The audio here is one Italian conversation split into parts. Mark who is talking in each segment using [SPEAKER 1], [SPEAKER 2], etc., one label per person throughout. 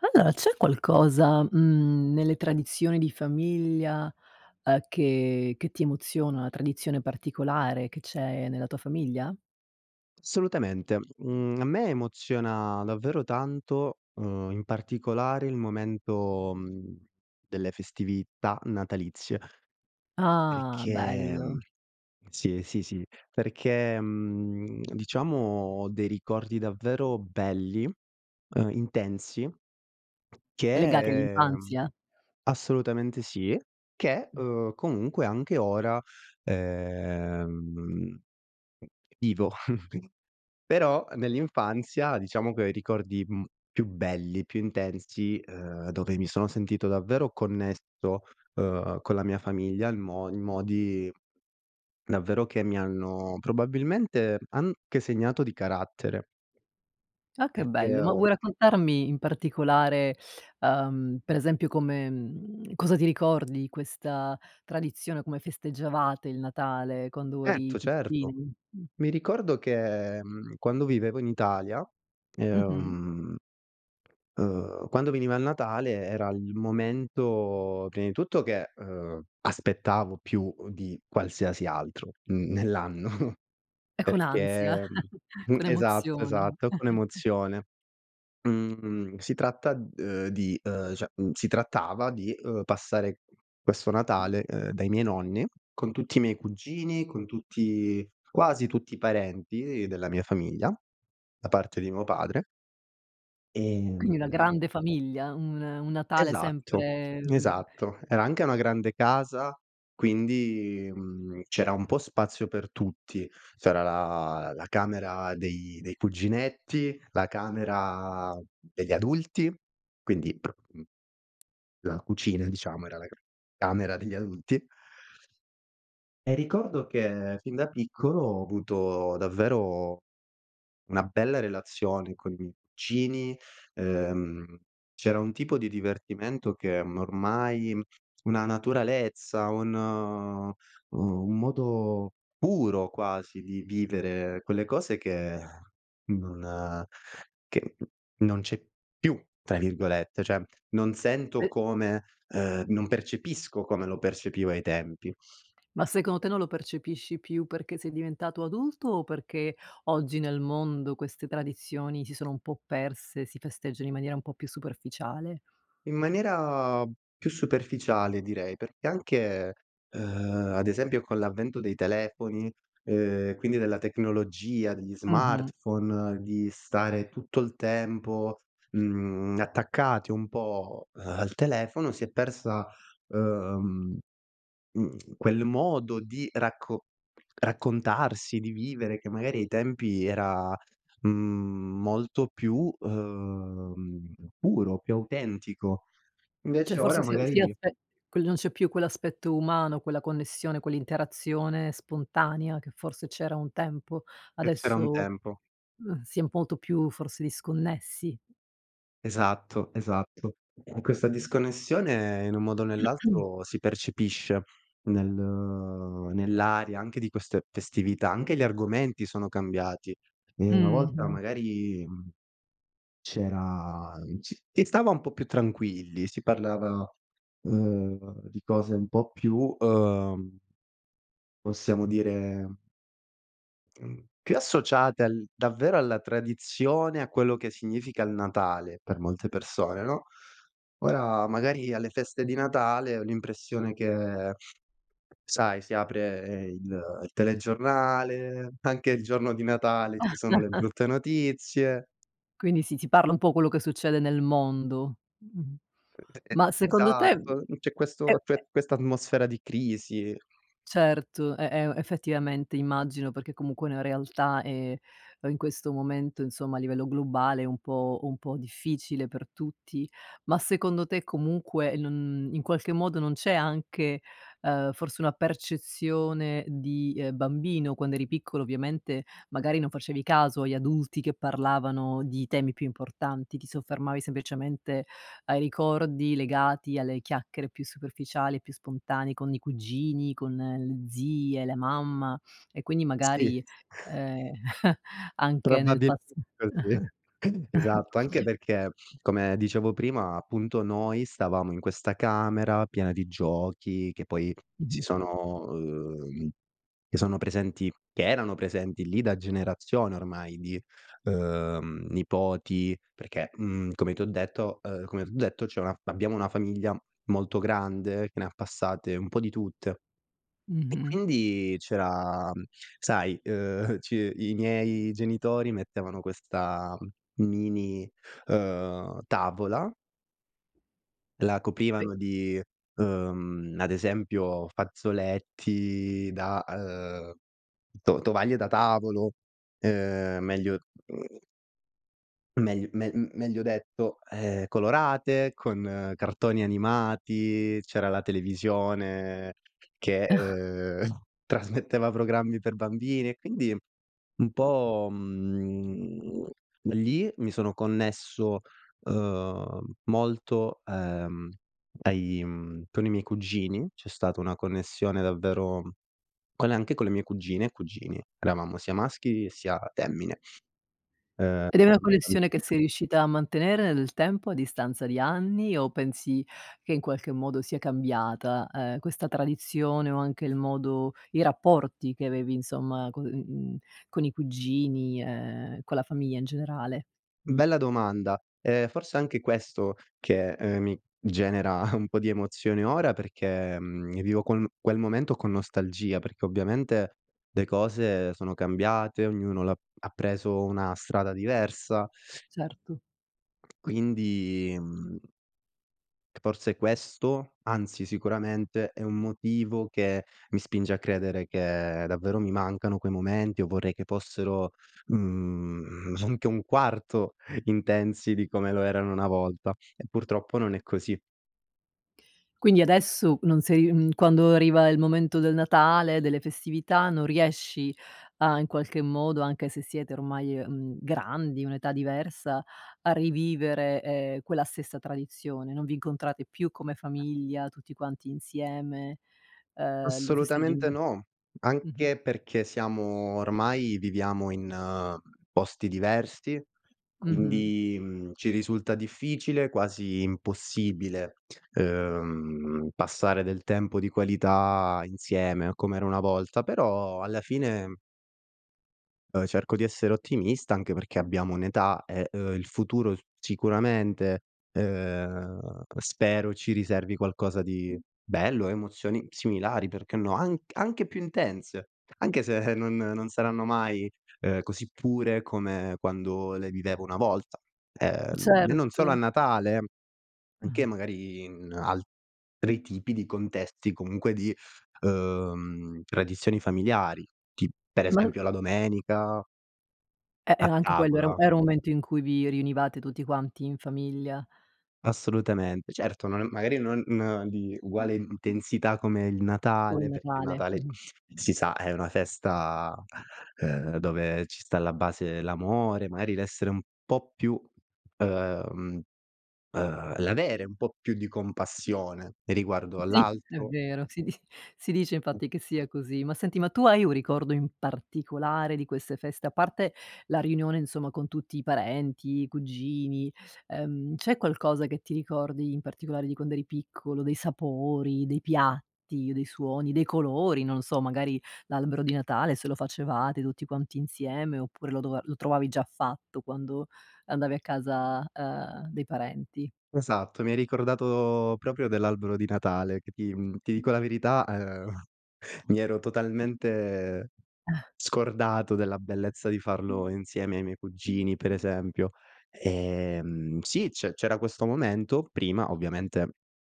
[SPEAKER 1] Allora c'è qualcosa, mhmm, nelle tradizioni di famiglia, uhm, che che ti emoziona? 1 tradizione particolare che c'è nella tua famiglia?
[SPEAKER 2] Assolutamente, mhmmm, a me emoziona davvero tanto, uhm, in particolare il momento, mhmm, delle festività natalizie,
[SPEAKER 1] Ah,
[SPEAKER 2] perché, mhmm
[SPEAKER 1] bello.
[SPEAKER 2] sì, sì, sì, perché, mhmm, diciamo ho dei ricordi davvero belli, uhm, intensi,
[SPEAKER 1] Legati
[SPEAKER 2] che
[SPEAKER 1] all'infanzia?
[SPEAKER 2] assolutamente sì. Che,
[SPEAKER 1] Mh.
[SPEAKER 2] uhm, comunque anche ora, ehm, vivo. Però nell'infanzia diciamo che ho i ricordi, mhmm, più belli, più intensi, uhm, dove mi sono sentito davvero connesso, uhm, con la mia famiglia il mo in modi, davvero, che mi hanno probabilmente anche segnato di carattere,
[SPEAKER 1] Ah che
[SPEAKER 2] perché
[SPEAKER 1] bello, ma
[SPEAKER 2] ho
[SPEAKER 1] vuoi raccontarmi in particolare, uhm, per esempio come mhmm, cosa ti ricordi di questa tradizione, come festeggiavate il Natale quando eri,
[SPEAKER 2] Certo, certo.
[SPEAKER 1] [unintelligible] mhmm.
[SPEAKER 2] Mi ricordo che, mhmm, quando vivevo in Italia,
[SPEAKER 1] Mh-mh.
[SPEAKER 2] ehm uhm, quando veniva il Natale era il momento, prima di tutto che, uhm, aspettavo più, uhm, di qualsiasi altro, mhmm, nell'anno,
[SPEAKER 1] E con ansia,
[SPEAKER 2] perché, mhmm, mhmm
[SPEAKER 1] con
[SPEAKER 2] esatto
[SPEAKER 1] emozioni
[SPEAKER 2] esatto con emozione. Mhmm, si tratta, uhm, di uhm, cioè, mhmm, si trattava di, uhm, passare questo Natale, ehm, dai miei nonni con tutti i miei cugini, con tutti quasi tutti i parenti della mia famiglia da parte di mio padre Ehm,
[SPEAKER 1] Quindi una
[SPEAKER 2] mh-mh.
[SPEAKER 1] grande famiglia, un un Natale
[SPEAKER 2] Esatto.
[SPEAKER 1] sempre, ehm
[SPEAKER 2] Esatto. Era anche una grande casa. Quindi, mhmm, c'era un po' spazio per tutti. C'era la la camera dei dei cuginetti, la camera degli adulti, quindi, mhmm la cucina, diciamo, era la camera degli adulti. E ricordo che fin da piccolo ho avuto davvero una bella relazione con i miei cugini, ehm, c'era un tipo di divertimento che m ormai, una naturalezza, un, uhm, un modo puro quasi di vivere quelle cose che, non che, “non c'è più”, tra virgolette. Cioè, non sento
[SPEAKER 1] E
[SPEAKER 2] come, ehm, non percepisco come lo percepivo ai tempi.
[SPEAKER 1] Ma secondo te non lo percepisci più perché sei diventato adulto o perché oggi nel mondo queste tradizioni si sono un po' perse, si festeggiano in maniera un po' più superficiale?
[SPEAKER 2] In maniera più superficiale, direi, perché anche, ehm, ad esempio con l'avvento dei telefoni, ehm, quindi della tecnologia, degli
[SPEAKER 1] Mh-mh.
[SPEAKER 2] smartphone, di stare tutto il tempo, mhmm, attaccati un po', eh, al telefono, si è persa, ehm, mhmm, quel modo di racco raccontarsi, di vivere, che magari ai tempi era, mhmm, molto più, uhm, puro, più autentico.
[SPEAKER 1] Cioè,
[SPEAKER 2] Invece ora
[SPEAKER 1] forse si
[SPEAKER 2] magari
[SPEAKER 1] si aspe quel non c'è più quell'aspetto umano, quella connessione, quell'interazione spontanea che forse c'era un tempo.
[SPEAKER 2] Che c'era un
[SPEAKER 1] Adesso,
[SPEAKER 2] tempo.
[SPEAKER 1] mh, si è molto più forse disconnessi.
[SPEAKER 2] Esatto. Esatto. E questa disconnessione in un modo o nell'altro si percepisce nel nell'aria anche di queste festività. Anche gli argomenti sono cambiati. Ehm, una volta
[SPEAKER 1] Mh-mh.
[SPEAKER 2] magari, mhmm, c'era c si stava un po' più tranquilli. Si parlava, ehm, di cose un po' più, uhm possiamo dire mhmm, più associate al davvero alla tradizione, a quello che significa il Natale per molte persone, no. Ora magari alle feste di Natale ho l'impressione che, sai, si apre il il telegiornale, anche il giorno di Natale ci sono le brutte notizie.
[SPEAKER 1] Quindi si si parla un po' quello che succede nel mondo, mh-mh,
[SPEAKER 2] E e
[SPEAKER 1] ma secondo te,
[SPEAKER 2] esatto.
[SPEAKER 1] mhmm,
[SPEAKER 2] Mhmm, c'è
[SPEAKER 1] e
[SPEAKER 2] questo a
[SPEAKER 1] e
[SPEAKER 2] cioè, questa atmosfera di crisi.
[SPEAKER 1] Certo, e e effettivamente immagino, perché comunque la realtà è, uhm, in questo momento, insomma, a livello globale è un po' un po' difficile per tutti. Ma secondo te comunque non in qualche modo non c'è anche, ehm, forse una percezione di, ehm, bambino, quando eri piccolo ovviamente, magari non facevi caso agli adulti che parlavano di temi più importanti, ti soffermavi semplicemente ai ricordi legati alle chiacchiere più superficiali e più spontanee con i cugini, con le zie, la mamma, e quindi magari,
[SPEAKER 2] Sì.
[SPEAKER 1] ehm, anche nel pas
[SPEAKER 2] Probabilmente così. Esatto. Anche perché, come dicevo prima, appunto, noi stavamo in questa camera piena di giochi che poi si
[SPEAKER 1] Mh-mh.
[SPEAKER 2] sono uhm, che sono presenti che erano presenti lì da generazioni ormai di, uhm, nipoti. Perché, mhmm, come ti ho detto ehm, come t'ho detto, c'è una fa abbiamo una famiglia molto grande che ne ha passate un po' di tutte. E
[SPEAKER 1] Mh-mh.
[SPEAKER 2] quindi c'era, sai, uhm, c i miei genitori mettevano questa m mini, uhm, tavola. La
[SPEAKER 1] Be
[SPEAKER 2] coprivano di, ehm, ad esempio fazzoletti da, ehm, to tovaglie da tavolo. Ehm, meglio [unintelligible] meglio me meglio detto, ehm, colorate con cartoni animati, c'era la televisione che, ehm, trasmetteva programmi per bambini, e quindi un po', mhmm, lì mi sono connesso, ehm, molto, ehm, ai, mhmm, con i miei cugini, c'è stata una connessione davvero con anche con le mie cugine e cugini. Eravamo sia maschi sia femmine. Ehm
[SPEAKER 1] Ed è una
[SPEAKER 2] anche
[SPEAKER 1] connessione
[SPEAKER 2] bambini.
[SPEAKER 1] che sei riuscita a mantenere nel tempo a distanza di anni, o pensi che in qualche modo sia cambiata, ehm, questa tradizione o anche il modo i rapporti che avevi insomma con uhm con i cugini e con la famiglia in generale?
[SPEAKER 2] Bella domanda. Ehm, forse anche questo che, ehm, mi genera un po' di emozione ora, perché, ehm, vivo quel quel momento con nostalgia, perché ovviamente le cose sono cambiate, ognuno l'ha ha preso una strada diversa.
[SPEAKER 1] Certo.
[SPEAKER 2] Quindi, mhmm c forse questo, anzi, sicuramente, è un motivo che mi spinge a credere che davvero mi mancano quei momenti o vorrei che fossero, mhmm, anche 1/4 intensi di come lo erano una volta, e purtroppo non è così.
[SPEAKER 1] Quindi adesso non sei mhmm, quando arriva il momento del Natale, delle festività non riesci a in qualche modo, anche se siete ormai, ehm, grandi, un'età diversa, a rivivere, ehm, quella stessa tradizione? Non vi incontrate più come famiglia, tutti quanti insieme, ehm, lo festeggi
[SPEAKER 2] Assolutamente
[SPEAKER 1] [unintelligible]
[SPEAKER 2] no.
[SPEAKER 1] mh-mh.
[SPEAKER 2] Anche perché siamo ormai viviamo in posti diversi.
[SPEAKER 1] Mh-mh.
[SPEAKER 2] Quindi, mhmm, ci risulta difficile, quasi impossibile, ehm, passare del tempo di qualità insieme com'era una volta, però alla fine uhm, cerco di essere ottimista, anche perché abbiamo un'età e, uhm, il futuro sicuramente, ehm, spero ci riservi qualcosa di bello, emozioni similari, perché no? Anc anche più intense, anche se non non saranno mai, ehm, così pure come quando le vivevo una volta. Ehm, e non solo a
[SPEAKER 1] Certo.
[SPEAKER 2] Natale, anche
[SPEAKER 1] [unintelligible]
[SPEAKER 2] magari in altri tipi di contesti, comunque di, ehm, tradizioni familiari, tip per
[SPEAKER 1] [unintelligible]
[SPEAKER 2] esempio la domenica.
[SPEAKER 1] E eh,
[SPEAKER 2] A
[SPEAKER 1] anche quello era
[SPEAKER 2] tavola.
[SPEAKER 1] era un momento in cui vi riunivate tutti quanti in famiglia.
[SPEAKER 2] Assolutamente. Certo, non magari non di uguale intensità come il
[SPEAKER 1] Come il
[SPEAKER 2] Natale perché il
[SPEAKER 1] Natale,
[SPEAKER 2] Natale,
[SPEAKER 1] mh-mh.
[SPEAKER 2] si sa, è una festa, uhm, dove ci sta alla base l'amore, mari, l'essere un po' più ehm, ehm, l'avere un po' più di compassione riguardo
[SPEAKER 1] Sì, è
[SPEAKER 2] all'altro.
[SPEAKER 1] vero, si di si dice, infatti, che sia così, ma senti ma tu hai un ricordo in particolare di queste feste, a parte la riunione, insomma, con tutti i parenti, i cugini, ehm, c'è qualcosa che ti ricordi in particolare di quando eri piccolo, dei sapori, dei piatti, dei suoni, dei colori, non lo so, magari l'albero di Natale se lo facevate tutti quanti insieme oppure lo dova lo trovavi già fatto quando andavi a casa, ehm, dei parenti.
[SPEAKER 2] Esatto, mi hai ricordato proprio dell'albero di Natale che ti mhmm, ti dico la verità, uhm, mi ero totalmente scordato della bellezza di farlo insieme ai miei cugini, per esempio, ehm, sì, c'è c'era questo momento prima, ovviamente,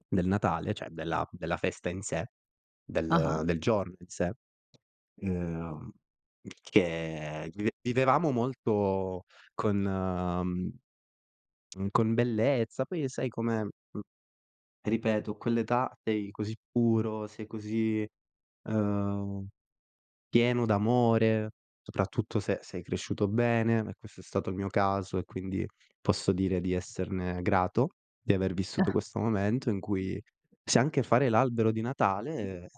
[SPEAKER 2] del Natale, cioè della della festa in sé,
[SPEAKER 1] Ah-ah.
[SPEAKER 2] del del giorno in sé, ehm, il che vive vivevamo molto con con bellezza. Poi, sai, com'è, mhmm, ripeto, a quell'età, sei così puro, sei così, uhm, pieno d'amore, soprattutto se sei cresciuto bene e questo è stato il mio caso e, quindi, posso dire di esserne grato, di aver vissuto questo momento in cui se anche fare l'albero di Natale,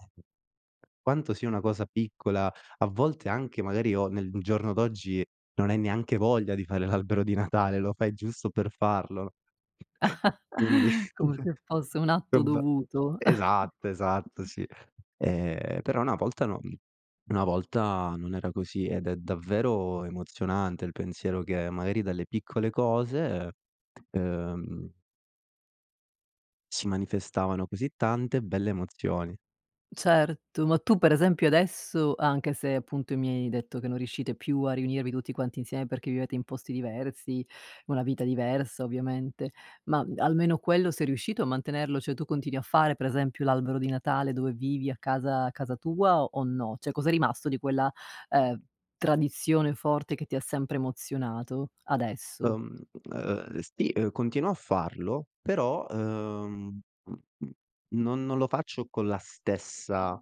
[SPEAKER 2] quanto sia una cosa piccola, a volte anche magari o nel giorno d'oggi, non hai neanche voglia di fare l'albero di Natale, lo fai giusto per farlo, quindi,
[SPEAKER 1] Come se fosse un atto
[SPEAKER 2] vabbè.
[SPEAKER 1] dovuto.
[SPEAKER 2] Esatto, esatto, sì, ehm, però una volta, no una volta non era così ed è davvero emozionante il pensiero che, magari, dalle piccole cose, ehm Si manifestavano, così tante belle emozioni.
[SPEAKER 1] Certo, ma tu per esempio adesso, anche se appunto mi hai detto che non riuscite più a riunirvi tutti quanti insieme, perché vivete in posti diversi, una vita diversa ovviamente, ma almeno quello sei riuscito a mantenerlo? Cioè tu continui a fare per esempio, l'albero di Natale dove vivi a casa a casa tua o no? Cioè cos'è rimasto di quella, ehm, tradizione forte che ti ha sempre emozionato, adesso?
[SPEAKER 2] Uhm, u ehm, sì, ehm, continuo a farlo però, uhm, mh, mh, non non lo faccio con la stessa,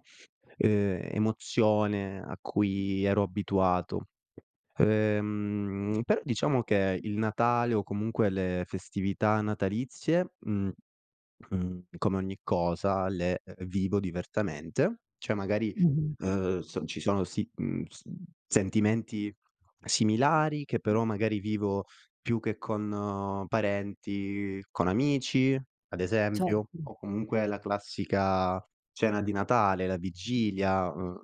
[SPEAKER 2] ehm, emozione a cui ero abituato. Ehm, però diciamo che il Natale, o comunque le festività natalizie, mhmm, mhmm, come ogni cosa le e e vivo diversamente. Cioè magari,
[SPEAKER 1] Mh-mh.
[SPEAKER 2] ehm, s ci sono si mhmm, s mhmm, sentimenti similari che però magari vivo più che con parenti, con amici, ad esempio,
[SPEAKER 1] Certo.
[SPEAKER 2] o comunque la classica cena di Natale, la vigilia, ehm,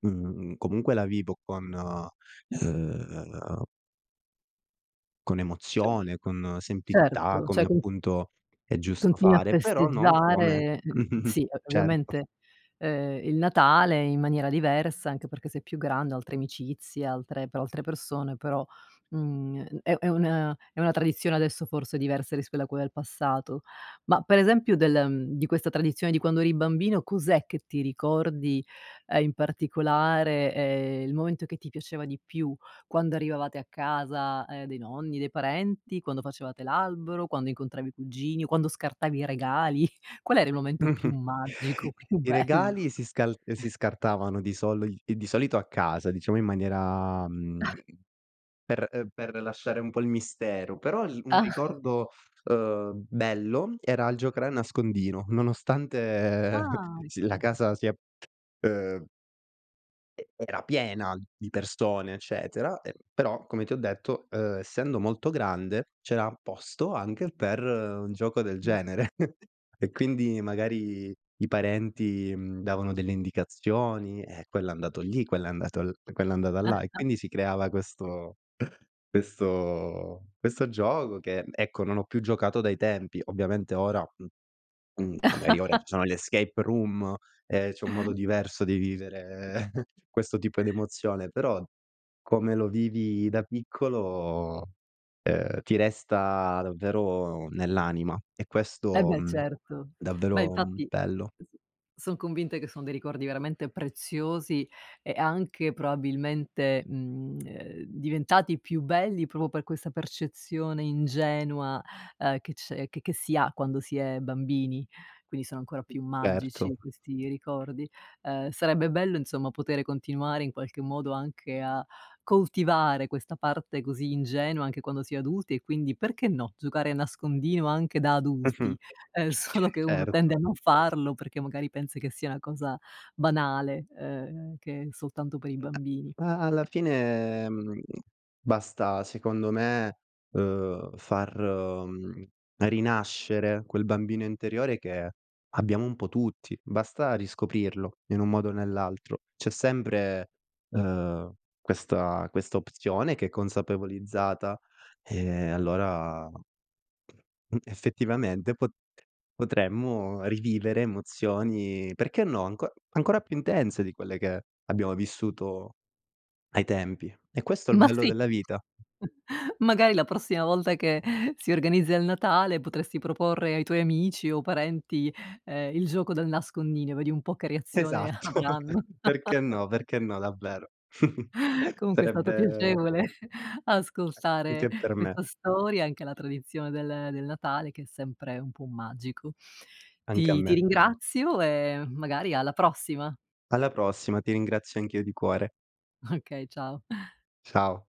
[SPEAKER 2] uhm, comunque la vivo con uhm Con
[SPEAKER 1] [unintelligible]
[SPEAKER 2] emozione, con semplicità,
[SPEAKER 1] Certo.
[SPEAKER 2] come
[SPEAKER 1] Cioè [unintelligible]
[SPEAKER 2] appunto è giusto
[SPEAKER 1] Continui a
[SPEAKER 2] fare, però non come
[SPEAKER 1] festeggiare, sì, o
[SPEAKER 2] certo.
[SPEAKER 1] ovviamente, uhm, il Natale in maniera diversa, anche perché sei più grande, oltre amicizia, altre pe oltre persone, però, mhmm, gn è è una è una tradizione adesso, forse, diversa rispetto a quel passato. Ma per esempio del ehm, di questa tradizione di quando eri bambino, cos'è che ti ricordi, uhm, in particolare? Ehm, il momento che ti piaceva di più, quando arrivavate a casa, ehm, dei nonni, dei parenti? Quando facevate l'albero? Quando incontravi i cugini? O quando scartavi i regali? Qual era il momento più
[SPEAKER 2] Mh-mh.
[SPEAKER 1] magico, più
[SPEAKER 2] I
[SPEAKER 1] bello?
[SPEAKER 2] regali si scal ehm, si scartavano di soli i di solito a casa, diciamo in maniera mhmm, per ehm, per lasciare un po' il mistero. Però l un
[SPEAKER 1] Ah!
[SPEAKER 2] ricordo, uhm, bello era il giocare a nascondino, nonostante
[SPEAKER 1] Ah,
[SPEAKER 2] si la
[SPEAKER 1] ecco.
[SPEAKER 2] casa sia, uhm e era piena di persone, eccetera, ehm, però, come ti ho detto, uhm, essendo molto grande, c'era posto anche per un gioco del
[SPEAKER 1] [unintelligible]
[SPEAKER 2] genere. E quindi, magari i parenti, mhmm, davano delle indicazioni: "Eh, quello è andato lì, quello è andato l quella è andata là." E quindi si creava questo questo questo gioco che, mhmm, ecco, non ho più giocato dai tempi. Ovviamente ora, mhmm, mhmm, no magari ora ci sono le escape room, ehm, c'è un modo diverso di vivere, ehm, questo tipo d'emozione. Però, come lo vivi da piccolo, ehm, ti resta davvero nell'anima. E
[SPEAKER 1] Eh
[SPEAKER 2] questo,
[SPEAKER 1] beh,
[SPEAKER 2] mhmm,
[SPEAKER 1] certo. Beh,
[SPEAKER 2] davvero, mhmm,
[SPEAKER 1] infatti
[SPEAKER 2] bello.
[SPEAKER 1] son convinta che son dei ricordi veramente preziosi, e anche probabilmente, mhmm, ehm, diventati più belli proprio per questa percezione ingenua, uhm, che c'è che che si ha quando si è bambini, quindi sono ancora più
[SPEAKER 2] Certo.
[SPEAKER 1] magici questi ricordi. Uhm, sarebbe bello, insomma, potere continuare in qualche modo anche a coltivare questa parte così ingenua anche quando si è adulti e quindi perché, no, giocare nascondino anche da
[SPEAKER 2] Mh-mh.
[SPEAKER 1] adulti. Ehm, solo che uno
[SPEAKER 2] Certo.
[SPEAKER 1] tende a non farlo perché, magari, pensa che sia una cosa banale, ehm, che è soltanto per i
[SPEAKER 2] [unintelligible]
[SPEAKER 1] bambini.
[SPEAKER 2] A alla fine, mhmm, basta, secondo me, uhm, far, mhmm, rinascere quel bambino interiore che abbiamo un po' tutti. Basta riscoprirlo in un modo o nell'altro. C'è sempre, uhm, questa questa opzione che è consapevolizzata, ehm, allora mhmm, effettivamente, po potremmo rivivere emozioni, perché no, anco ancora più intense di quelle che abbiamo vissuto ai tempi, e questo è l
[SPEAKER 1] Ma
[SPEAKER 2] bello
[SPEAKER 1] sì!
[SPEAKER 2] della vita.
[SPEAKER 1] Magari la prossima volta che si organizza il Natale potresti proporre ai tuoi amici o parenti, ehm, il gioco del nascondino, vedi un po' che reazione
[SPEAKER 2] Esatto!
[SPEAKER 1] avranno.
[SPEAKER 2] Perché no, perché no, davvero,
[SPEAKER 1] Comunque è stato
[SPEAKER 2] sarebbe
[SPEAKER 1] piacevole ascoltare
[SPEAKER 2] Anche per me.
[SPEAKER 1] questa storia, anche la tradizione del del Natale che è sempre un può magico.
[SPEAKER 2] Anche a
[SPEAKER 1] Ti ti
[SPEAKER 2] me.
[SPEAKER 1] ringrazio e, magari, alla prossima.
[SPEAKER 2] Alla prossima, ti ringrazio anch'io di cuore.
[SPEAKER 1] Okay, ciao.
[SPEAKER 2] Ciao.